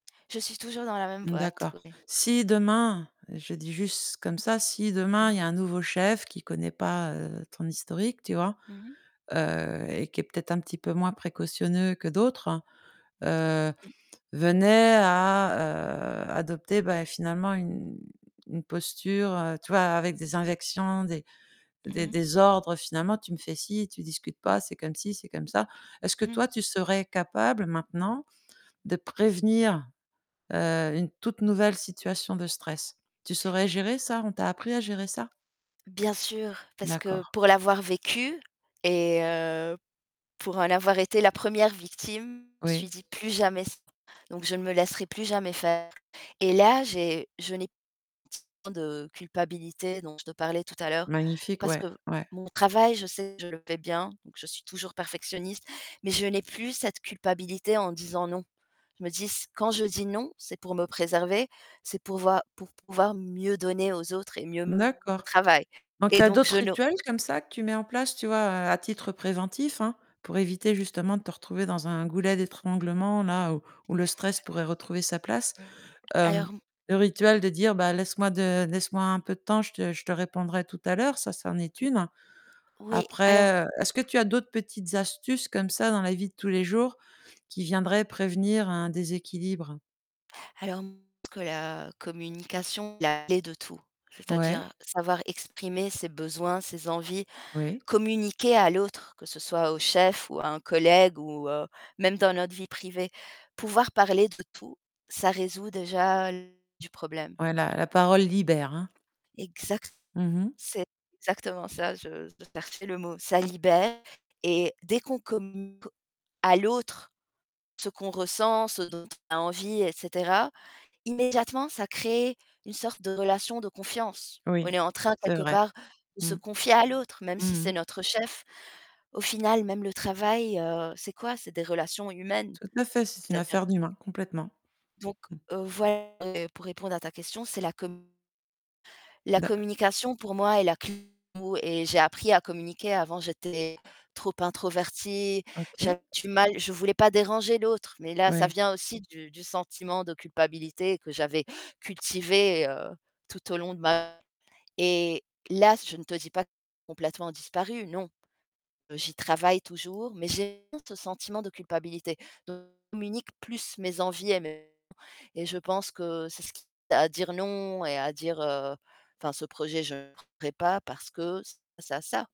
Je suis toujours dans la même boîte, D'accord. oui. Si demain, je dis juste comme ça, si Mmh demain il y mh. a un nouveau chef qui connaît pas, heu, ton historique, tu vois? Mmh mh. Heu, et qui est peut-être un petit peu moins précautionneux que d'autres, heu, venait à, heu, adopter, bah, finalement, une une posture, tu vois? Avec des injections, des Mmh des mh. des ordres, finalement: «Tu me fais si, tu discutes pas, c'est comme ci, c'est comme ça». Est-ce que Mmh. toi, tu serais capable, maintenant, de prévenir, heu, une toute nouvelle situation de stress? Tu saurais gérer ça? On t'a appris à gérer ça? Bien sûr, parce que D'accord. pour l'avoir vécu et heu, pour en avoir été la 1re victime, je me suis Oui. dit: «Plus jamais ç» donc je ne me laisserai plus jamais faire. Et là, j'ai je n'ai [unintelligible] tant de culpabilité dont je te parlais tout à l'heure. Magnifique, Parce ouais, que ouais. mon travail, je sais je le fais bien, donc je suis toujours perfectionniste mais je n'ai plus cette culpabilité en disant: «Non». Je me dis s: «Quand je dis "non", c'est pour me préserver, c'est pour voir pour pouvoir mieux donner aux autres et mieux me [unintelligible] D'accord, travail» donc tu et as donc je d'autres ne rituels comme ça que tu mets en place, tu vois? À titre préventif, hein, pour éviter justement, de te retrouver dans un goulet d'étranglement-là, où où le stress pourrait retrouver sa place. Mmh. Hem, Alors, m le rituel de dire, bah: «Laisse-moi de laisse-moi un peu de temps, je te je te répondrai tout à l'heure», ça, ça en est Mmh. 1. Oui, alors Après, heu, est-ce que tu as d'autres petites astuces comme ça, dans la vie de tous les jours, qui viendrait prévenir un déséquilibre? Alors que la communication, la clé de tout, Ouais. c'est-à-dire savoir exprimer ses besoins, ses envies, Oui. communiquer à l'autre, que ce soit au chef ou à un collègue ou heu, même dans notre vie privée. Pouvoir parler de tout, ça résout déjà l du problème. Voilà, la parole libère, hein. Exacte Mmh mh. c'est exactement ça, je je cherchais le mot. Ça libère et dès qu'on com [unintelligible] à l'autre ce qu'on ressent, ce dont on a envie et cetera, immédiatement ça crée une sorte de relation de confiance. On Oui, est en train, c'est quelque vrai. part, de se Mmh. confier à l'autre, même si Mmh c'est mh. notre chef. Au final, même le travail, heu, c'est quoi? C'est des relations humaines. Tout à fait, c'est une C'est-à-dire affaire d'humain, complètement. Donc Mmh. heu, voil pour répondre à ta question, c'est la com La Da communication pour moi est la cl maux et j'ai appris à communiquer. Avant j'étais trop introvertie, OK. j'avais du mal, je voulais pas déranger l'autre mais là ça Ouais. vient aussi du du sentiment de culpabilité que j'avais cultivé, heu, tout au long de ma [unintelligible] et là, je ne te dis pas complètement disparu, non. Heu, j'y travaille toujours, mais j'ai [unintelligible] honte ce sentiment de culpabilité. Do [unintelligible] communique plus mes envies et mes [unintelligible] et je pense que c'est ce qui [unintelligible] à dire: «Non» et à dire, heu, enfin ce projet, je ferai pas parce que ce ça ça